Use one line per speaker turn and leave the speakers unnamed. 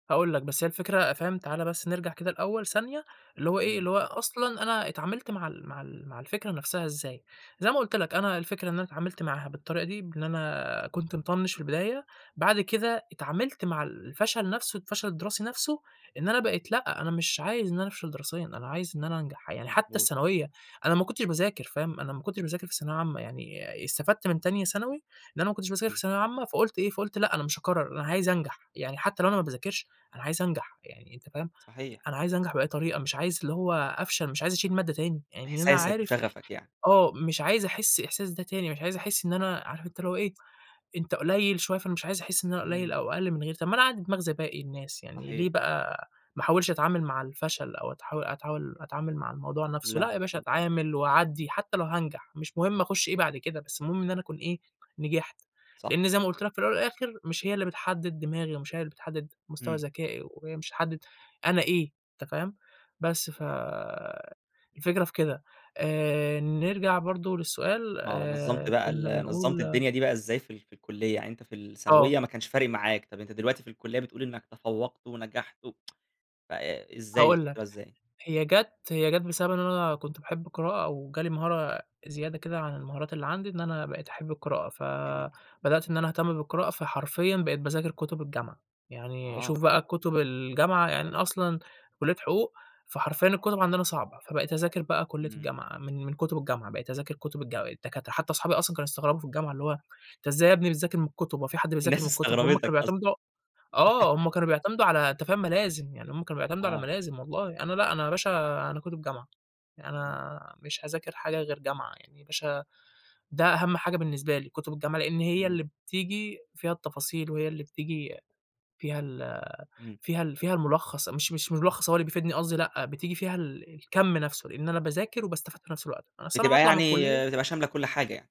هاقول لك بس هي الفكرة فاهم، تعالَ بس نرجع كده الأول ثانية، اللي هو إيه،
إمم.
اللي هو أصلًا أنا اتعاملت مع ال مع ال مع الفكرة نفسها إزاي، زي ما قُلت لك
[unintelligible]
أنا الفكرة إن أنا اتعاملت معاها بالطريقة دي، بإن أنا كنت مِطَنِّش في البداية، بعد كده اتعاملت مع الفشل نفسُه، الفشل الدِّراسي نفسُه، إن أنا بقيت لأ، أنا مش عايز إن أنا أفشل دراسيًّا، أنا عايز إن أنا أنجح، يعني حتى
مضبوط.
الثانوية، أنا ما كُنتش باذاكر فاهم، أنا ما كُنتش باذاكر في ثانوية عامة، يعني آآ استفدت من تانية ثانوي، إن أنا ما كُنتش باذاكر في
أوكي.
ثانوية عامة، فقُلت إيه فقُلت لأ، أنا مش هاكرَّر أنا عايز أنجح، يعني حتى لو أنا ما باذاكرش، أنا عايز أنجح يعني أنت فاهم،
صحيح.
أنا عايز أنجح بأي طريقة، مش عايز اللي هو أفشل، مش عايز أشيل مادّة تاني، يعني أنا
إحساسك
عارف
وشغفك يعني.
آه، مش عايز أحِسّ الإحساس ده تاني، مش عايز أحِسّ إن أنا عارف أنت اللي هو إيه، أنت قُليّل شوية، فأنا مش عايز أحِسّ إن أنا قُليّل
إمم.
أو أقلّ من غيري، طب ما أنا عندي دماغ زى باقي الناس يعني، يعني ليه
صحيح.
بقى ما أحاولش أتعامل مع الفشل أو أتحاول أتحاول أتعامل مع الموضوع نفسُه
لا
لأ، يا باشا
مضبوط.
أتعامل وأعدِّي حتى لو هانجح، مش مُهم أخُشّ إيه بعد كده، بس المُهم إن أنا أكون إيه نجحت،
صح.
لإن زي ما قُلت لك في الأول والآخر مش هي اللي بتحدِّد دماغي، ومش هي اللي بتحدِّد مستوى
إمم.
ذكائي، وهي مش هتحدِّد أنا إيه أنت فاهم، بس ف الفكرة في كده، آآ نرجع برضه للسؤال
آه، نظمت
آآ
بقى
كُنّا
ال نظمت
بنقول
الدنيا دي بقى إزاي في ال في الكُلِّيَّة؟ يعني أنت في الثانوية
آه.
ما كانش فارق معاك، طب أنت دلوقتي في الكُلِّيَّة بتقول إنك تفوَّقت ونجحت و ف آآ إزاي
هاقول
[unintelligible]
لك،
إزاي؟
هي جات هي جات بسبب إن أنا كنت باحب القراءة، وجالي مهارة زيادة كده عن المهارات اللي عندي، إن أنا بقيت أحب القراءة، ف
جميل.
بدأت إن أنا أهتم بالقراءة فحرفيًا بقيت باذاكر كُتب الجامعة، يعني
آه.
شوف بقى كُتب الجامعة يعني أنا أصلًا كُلِّيَّة حُقوق، فحرفيًا الكُتب عندنا صعبة، فبقيت اذاكر بقى كُلِّية
إمم.
الجامعة، من من كُتب الجامعة، بقيت اذاكر كُتب الجا الدكاترة، حتى أصحابي أصلًا كانوا يستغربوا في الجامعة اللي هو أنت إزاي يا ابني بتذاكر من الكُتُب، هو في حد بيذاكر
الناس
من الكُتُب، هُم كانوا
استغربتك أصلًا.
بيعتمدوا آه، هُم كانوا بيعتمدوا على أنت فاهم مَلازِم، يعني هُم كانوا بيعتمدوا على
آه.
مَلازِم والله، أنا لأ، أنا يا باشا أنا كُتُب جامعة،
إمم.
أنا مش هاذاكر حاجة غير جامعة يعني، مش ه ده أهم حاجة بالنسبة لي، كُتُب الجامعة لإن هي
إمم.
اللي بتيجي فيها التفاصيل، وهي اللي بتيجي فيها ال
إمم.
فيها ال فيها المُلخّص، مش مش مُلخّص هو اللي بيفيدني قصدي لأ، بتيجي فيها ال الكَمّ نفسُه، لإن أنا باذاكر وباستفاد في نفس الوقت، أصل أنا
بتبقى
هاطلع من
يعني
الكُلِّيَّة
بتبقى شاملة كُلّ حاجة يعني.